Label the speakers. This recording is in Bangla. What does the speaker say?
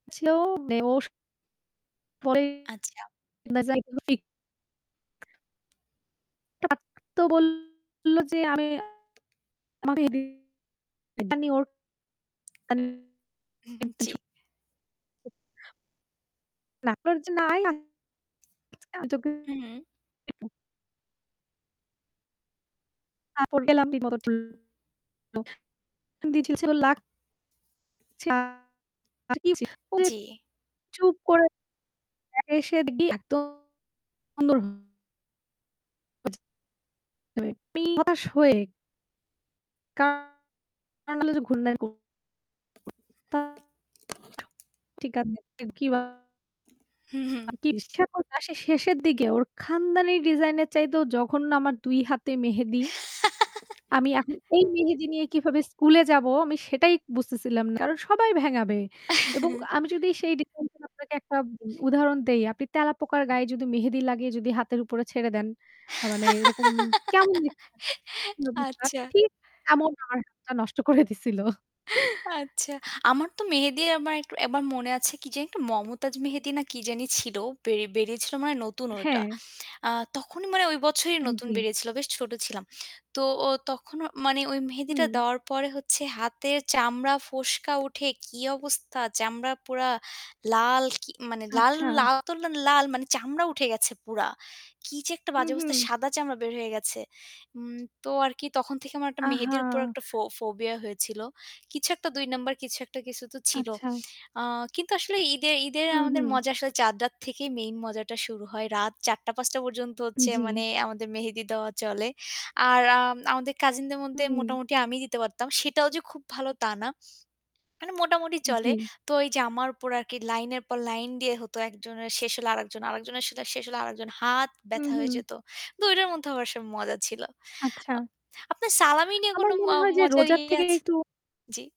Speaker 1: ছিল মেওশ পরে
Speaker 2: আচ্ছা।
Speaker 1: [unintelligible] তার তো বলল যে আমি [unintelligible] ওর
Speaker 2: উ-হুম, জি।
Speaker 1: [unintelligible]
Speaker 2: উম
Speaker 1: [unintelligible] তারপর গেলাম [unintelligible] লা [unintelligible]
Speaker 2: জি।
Speaker 1: চুপ করে আ এসে দেখি একদ [unintelligible] [unintelligible] হতাশ হয়ে কা নরমালি যে [unintelligible] [unintelligible] ঠিক
Speaker 2: হু, হুম।
Speaker 1: [unintelligible] শেষের দিকে ওর খানদানী ডিজাইনের চাইতেও জঘন্য আমার ২ হাতে মেহেদি, আমি এখন এই মেহেদি নিয়ে কিভাবে স্কুলে যাব? আমি সেটাই বুঝতেছিলাম না। কারণ সবাই ভেঙ্গাবে এবং আমি যদি সেই ডিজাইনের আপনাকে ১ টা উদাহরণ দেই, আপনি তেলাপোকার গায়ে যদি মেহেদি লাগিয়ে যদি হাতের উপরে ছেড়ে দেন মানে এরকম কেমন দেখায় [unintelligible]
Speaker 2: আচ্ছা।
Speaker 1: ঠিক এমন আমার হাতটা নষ্ট করে দিছিল।
Speaker 2: আচ্ছা। আমার তো মেহেদী আমার একটু একবার মনে আছে কি জানি একটা মমতাজ মেহেদী না কি জানি ছিল, বে বেরিয়েছিল মানে নতুন ওইটা।
Speaker 1: হ্যাঁ।
Speaker 2: আ তখনই মানে ওই বছরই নতুন
Speaker 1: আন-জি।
Speaker 2: বেরিয়েছিল, বেশ ছোট ছিলাম। তো ও তখন মানে ওই মেহেদীটা
Speaker 1: হুম।
Speaker 2: দেওয়ার পরে হচ্ছে হাতের চামড়া, ফোস্কা উঠে কি অবস্থা! চামড়া পুরা লাল। কি মানে লাল
Speaker 1: আচ্ছা।
Speaker 2: তো লাল মানে চামড়া উঠে গেছে পুরা। কি যে একটা
Speaker 1: হু,
Speaker 2: বাজে অবস্থা!
Speaker 1: হু।
Speaker 2: সাদা চামড়া বের হয়ে গেছে। উম তো আর কি তখন থেকে আমার একটা
Speaker 1: আ
Speaker 2: মেহেদীর
Speaker 1: হা
Speaker 2: উপর একটা ফো-ফোবিয়া হয়েছিল। কিছু একটা ২ নম্বর কিছু একটা, কিছু তো ছিল।
Speaker 1: আচ্ছা।
Speaker 2: আ কিন্তু আসলে ঈদে ঈদে
Speaker 1: হু,
Speaker 2: আমাদের
Speaker 1: হু।
Speaker 2: মজা আসলে চাদ রাত থেকেই মেইন মজাটা শুরু হয়। রাত ৪-৫ পর্যন্ত হচ্ছে
Speaker 1: উম-জি।
Speaker 2: মানে আমাদের মেহেদী দেওয়া চলে। আর আম আমাদের কাজিনদের মধ্যে
Speaker 1: হুম।
Speaker 2: মোটামুটি আমি দিতে পারতাম। সেটাও যে খুব ভালো তা না। মানে মোটামুটি চলে।
Speaker 1: জি।
Speaker 2: তো এই যে আমার উপর আর কি লাইনের পর লাইন দিয়ে হতো একজনের শেষ হলে আরেকজন, আরেকজনের সাথে শেষ হলে আরেকজন। হাত
Speaker 1: হু,
Speaker 2: ব্যথা হয়ে
Speaker 1: হু।
Speaker 2: যেত। কিন্তু ওইটার মধ্যেও আসলে মজা ছিল।
Speaker 1: আচ্ছা।
Speaker 2: আ আপনার সালামি নিয়ে কোন
Speaker 1: আমার
Speaker 2: ম
Speaker 1: মনে হয় যে
Speaker 2: মজার
Speaker 1: রোজার
Speaker 2: ইয়ে
Speaker 1: থেকে
Speaker 2: আছে?
Speaker 1: একটু
Speaker 2: জি।